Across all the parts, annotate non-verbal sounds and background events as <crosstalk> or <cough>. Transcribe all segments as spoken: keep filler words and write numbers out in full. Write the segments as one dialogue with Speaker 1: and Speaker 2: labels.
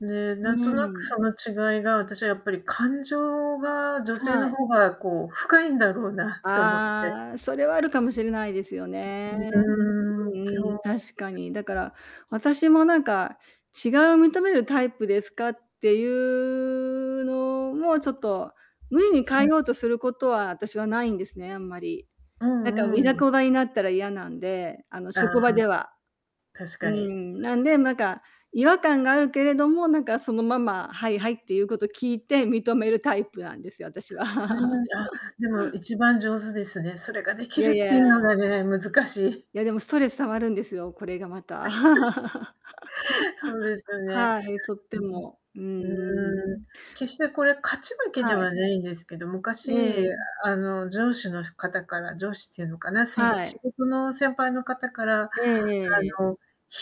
Speaker 1: で、
Speaker 2: う
Speaker 1: な
Speaker 2: ー
Speaker 1: んとなくそ
Speaker 2: ん。
Speaker 1: の違いが、私はやっぱり、感情が、女性
Speaker 2: は
Speaker 1: の
Speaker 2: い。
Speaker 1: 方が、こう、深いんだろうなって思って。
Speaker 2: ああ、それはある
Speaker 1: <unintelligible>
Speaker 2: かもしれないですよね。
Speaker 1: ううー
Speaker 2: うん、
Speaker 1: ん、
Speaker 2: う
Speaker 1: 今
Speaker 2: ーん、
Speaker 1: 日
Speaker 2: 確かに。だから、私もなんか、違いを認めるタイプですかってゆうのも、ちょっと無理に変え
Speaker 1: はい。
Speaker 2: ようとすることは、あたしはないんですね、あんまり。
Speaker 1: う
Speaker 2: なんか、う
Speaker 1: んう
Speaker 2: ぃざ
Speaker 1: ん。
Speaker 2: こざになったら嫌なんで、あの、
Speaker 1: あ
Speaker 2: 職
Speaker 1: あ。
Speaker 2: 場では。
Speaker 1: 確
Speaker 2: うー
Speaker 1: かに。
Speaker 2: ん。なんで、
Speaker 1: <unintelligible>
Speaker 2: なんか違和感があるけれども、なんかそのまま、はいはい、って言うこと聞いて認めるタイプなんですよ、あたしは。
Speaker 1: うん、あ、でも
Speaker 2: <laughs>
Speaker 1: いちばん上手ですね。それがで
Speaker 2: い
Speaker 1: き
Speaker 2: や
Speaker 1: るっ
Speaker 2: い
Speaker 1: て
Speaker 2: や
Speaker 1: いうの
Speaker 2: あ。
Speaker 1: がね、難しい。
Speaker 2: いや、でも、ストレス溜まるんですよ、これがま
Speaker 1: や、すん、だ。
Speaker 2: た。<laughs>
Speaker 1: <chuckles> そうですよね。
Speaker 2: はい、とって
Speaker 1: うん
Speaker 2: も、うんう
Speaker 1: うん。
Speaker 2: ん。
Speaker 1: うーん、決してこれ勝ち負けで
Speaker 2: はい。
Speaker 1: はないんですけど、
Speaker 2: え
Speaker 1: 昔、
Speaker 2: え。
Speaker 1: あの、上司の方から上司っていうのかな、せんぱ
Speaker 2: は
Speaker 1: 仕
Speaker 2: い。
Speaker 1: 事の先輩の方から、
Speaker 2: ええええええ。
Speaker 1: あの、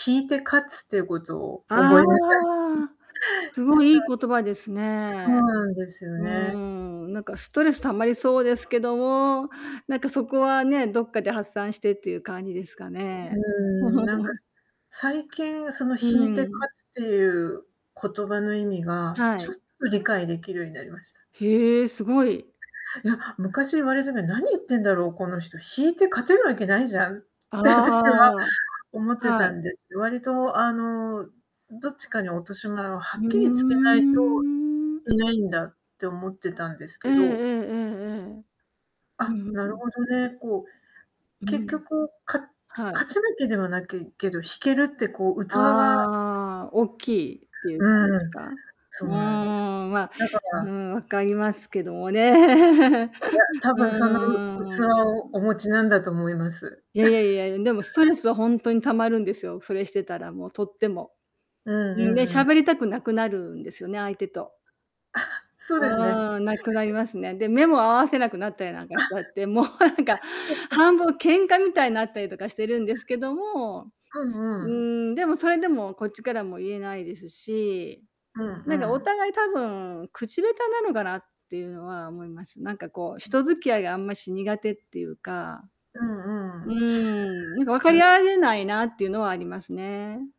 Speaker 1: 引いて勝つっていうことを
Speaker 2: あああ
Speaker 1: 覚えなさいん。なん
Speaker 2: あああ。すごい、いい言葉です
Speaker 1: か <unintelligible> そ
Speaker 2: ね。
Speaker 1: うなんですよ
Speaker 2: うー
Speaker 1: ね。
Speaker 2: ん、なんかストレス溜まりそうですけども、なんかそこはね、どっかで発散してっていう感じすか
Speaker 1: く
Speaker 2: ね。
Speaker 1: うーん、なんか、
Speaker 2: <chuckles>
Speaker 1: 最近、その、
Speaker 2: う
Speaker 1: 引いて勝
Speaker 2: ーん。
Speaker 1: つってゆう言葉の意味が、
Speaker 2: は
Speaker 1: ちょっ
Speaker 2: い。
Speaker 1: と理解できるようになりました。
Speaker 2: へえ、すごい。
Speaker 1: いや、昔言われたときに、なに言ってんだろうこの人、引いて勝てるわけないじゃんっ
Speaker 2: あ
Speaker 1: て私は
Speaker 2: ああ
Speaker 1: 思っ
Speaker 2: あ。
Speaker 1: て
Speaker 2: は
Speaker 1: た
Speaker 2: い
Speaker 1: んです。割と、あの、どっちかに落とし前をは
Speaker 2: ふ
Speaker 1: っ
Speaker 2: う
Speaker 1: きりつけないと
Speaker 2: ん。
Speaker 1: いけないんだって思ってたんです
Speaker 2: ええ
Speaker 1: け
Speaker 2: え
Speaker 1: ど
Speaker 2: えええええ。う
Speaker 1: あ、
Speaker 2: ん、う、
Speaker 1: な
Speaker 2: ふ
Speaker 1: る
Speaker 2: ん。
Speaker 1: ほどね、こう、
Speaker 2: う
Speaker 1: 結
Speaker 2: ん。
Speaker 1: 局、か
Speaker 2: はい。
Speaker 1: 勝ち負けではなきけど、引けるって、こう、器が
Speaker 2: ああ、おっきいってゆう
Speaker 1: う
Speaker 2: 感じす
Speaker 1: ん、
Speaker 2: か。
Speaker 1: そう
Speaker 2: う
Speaker 1: なんです。
Speaker 2: ーん、ま、
Speaker 1: だか
Speaker 2: ふー
Speaker 1: ら
Speaker 2: ん、わかりますけどもね。
Speaker 1: いや、
Speaker 2: <chuckles>
Speaker 1: 多
Speaker 2: う
Speaker 1: 分その、う
Speaker 2: ーん。う
Speaker 1: 器
Speaker 2: ん。
Speaker 1: をお持ちなんだと思います。
Speaker 2: いやいやい
Speaker 1: <chuckles>
Speaker 2: やいや、うん、でもストレスはほんとに溜まるんですよ、それしてたら、もう、とっても。
Speaker 1: うんう
Speaker 2: う
Speaker 1: ん
Speaker 2: ん、で、
Speaker 1: うんう
Speaker 2: 喋
Speaker 1: ん。
Speaker 2: りたくなくなるんですよね、相手と。
Speaker 1: あは、そうですね。
Speaker 2: ああ、無くなり
Speaker 1: <unintelligible>
Speaker 2: ますね。で、目も合わせなくなったりなんかしちゃ
Speaker 1: あ。
Speaker 2: って、もうなんか、半分
Speaker 1: <chuckles>
Speaker 2: 喧嘩みたいになったりとかしてるんですけども、
Speaker 1: うん
Speaker 2: う
Speaker 1: う
Speaker 2: ー
Speaker 1: ん。
Speaker 2: ん、でも、それでもこっちからも言えないですし、
Speaker 1: うん
Speaker 2: な
Speaker 1: う
Speaker 2: んか、お
Speaker 1: ん。
Speaker 2: 互い、多分、口下手なのかなってゆうのは思います。なんか、こう、
Speaker 1: ん。
Speaker 2: 人付き合いが、あんまし苦手ってゆうか
Speaker 1: うん
Speaker 2: う
Speaker 1: う
Speaker 2: ー
Speaker 1: ん。
Speaker 2: ん、なんか分か
Speaker 1: う
Speaker 2: り合
Speaker 1: ん。
Speaker 2: えないなってゆうのはありますね。